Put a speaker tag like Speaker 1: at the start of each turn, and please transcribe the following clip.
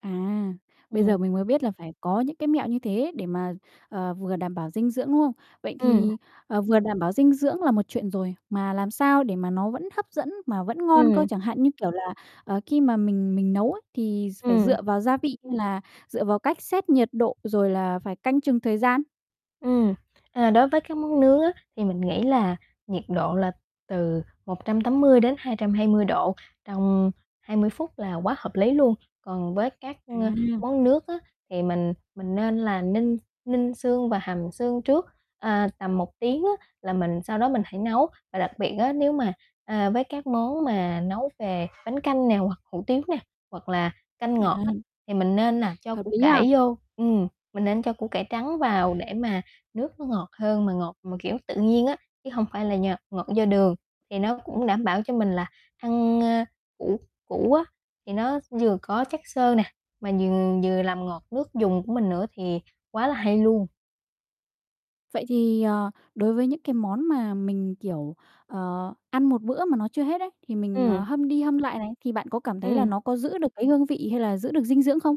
Speaker 1: À, bây giờ
Speaker 2: Ừm.
Speaker 1: mình mới biết là phải có những cái mẹo như thế để mà, ờ, vừa đảm bảo dinh dưỡng, đúng không? Vậy
Speaker 2: Ừm.
Speaker 1: thì, ờ, vừa đảm bảo dinh dưỡng là một chuyện rồi, mà làm sao để mà nó vẫn hấp dẫn mà vẫn ngon cơ,
Speaker 2: Ừm.
Speaker 1: chẳng hạn như, kiểu là, ờ, khi mà mình mình nấu ấy, thì d phải
Speaker 2: Ừm.
Speaker 1: dựa vào gia vị như là dựa vào cách xét nhiệt độ rồi là phải canh chừng thời gian?
Speaker 2: Ừm, à, đối với các món nướng á, thì mình nghĩ là nhiệt độ là từ 180-220 độ trong 20 phút là quá hợp lý luôn. Còn với các, a,
Speaker 1: À.
Speaker 2: món nước á, thì mình mình nên là ninh ninh xương và hầm xương trước, à, tầm 1 tiếng á, là mình sau đó mình hãy nấu. Và đặc biệt á, nếu mà, à, với các món mà nấu về bánh canh nè hoặc hủ tiếu nè, hoặc là canh ngọt á,
Speaker 1: À.
Speaker 2: thì mình nên nà cho
Speaker 1: Hợp
Speaker 2: củ
Speaker 1: lý nha.
Speaker 2: cải vô, ừm, mình nên cho củ cải trắng vào để mà nước nó ngọt hơn mà ngọt mà kiểu tự nhiên á, chứ hông phải là nhờ ngọt do đường. Thì nó cũng đảm bảo cho mình là ăn, a, củ củ á, thì nó vừa có chất xơ nè, mà dừng vừa làm ngọt nước dùng của mình nữa thì quá là hay luôn.
Speaker 1: Vậy thì, ờ, đối với những cái món mà mình, kiểu, ờ, ăn một bữa mà nó chưa hết ấy, thì mình, ờ,
Speaker 2: Ừm.
Speaker 1: hâm đi hâm lại này, thì bạn có cảm thấy là
Speaker 2: Ừm.
Speaker 1: nó có giữ được cái hương vị hay là giữ được dinh dưỡng không?